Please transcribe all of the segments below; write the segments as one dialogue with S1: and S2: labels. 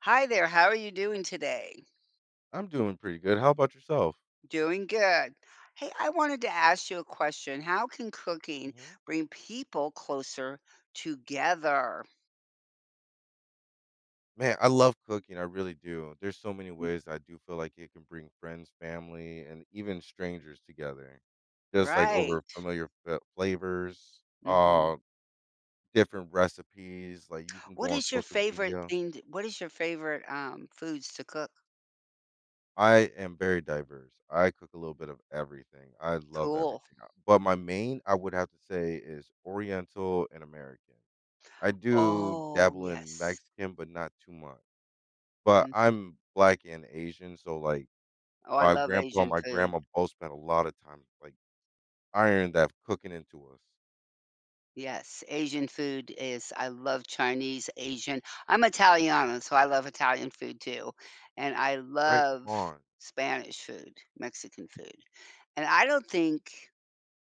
S1: Hi there, how are you doing today?
S2: I'm doing pretty good, how about yourself?
S1: Doing good. Hey, I wanted to ask you a question, how can cooking
S2: Mhm.
S1: bring people closer together?
S2: Man, I love cooking, I really do. There's so many ways I do feel like it can bring friends, family, and even strangers together. Just, like, over
S1: Right.
S2: familiar fa uh, flavors,
S1: Mhm.
S2: uh, different recipes, like, you can go
S1: What
S2: on
S1: is your
S2: social
S1: favorite
S2: media
S1: thing to what is your favorite, um, foods to cook?
S2: I am very diverse, I cook a little bit of everything. I love everything
S1: Cool.
S2: I but my main, I would have to say, is Oriental and American. I do
S1: Oh,
S2: dabble in
S1: yes.
S2: Mexican, but not too much. But
S1: Mhm.
S2: I'm Black and Asian, so, like,
S1: Oh, I
S2: my
S1: love
S2: grandpa and
S1: Asian
S2: my
S1: food.
S2: grandma both spent a lot of time just, like, ironed that cooking into us.
S1: Yes, Asian food is I love Chinese, Asian I'm Italiano, so I love Italian food too, and I
S2: Right
S1: love
S2: on.
S1: Spanish food, Mexican food, and I don't think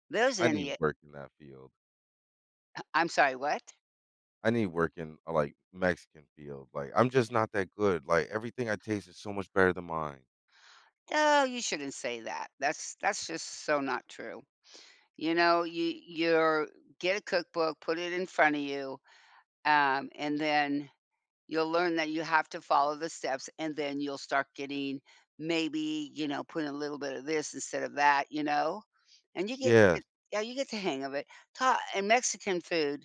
S1: there's
S2: I need
S1: any o
S2: work in that field.
S1: Uh, I'm sorry, what?
S2: I need to work in, uh, like, Mexican field. Like, I'm just not that good. Like, everything I taste is so much better than mine.
S1: Oh, you shouldn't say that. That's that's just so not true. You know, you you're get a cookbook, put it in front of you, um, and then you'll learn that you have to follow the steps, and then you'll start getting, maybe, you know, put a little bit of this instead of that, you know? And you get
S2: Yeah.
S1: eh yeah, you get the hang of it. Ha and Mexican food,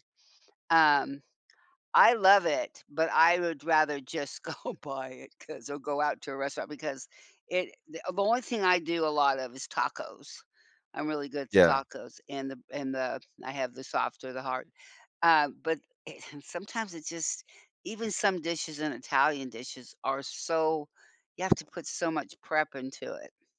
S1: um, I love it, but I would rather just go buy it, 'cause I'll go out to a restaurant, because it the the only thing I do a lot of is tacos. I'm really good at the
S2: Yeah.
S1: tacos, and the b and the I have the soft or the hard, uh, but, eh and sometimes it's just even some dishes in Italian dishes are so you have to put so much prep into it.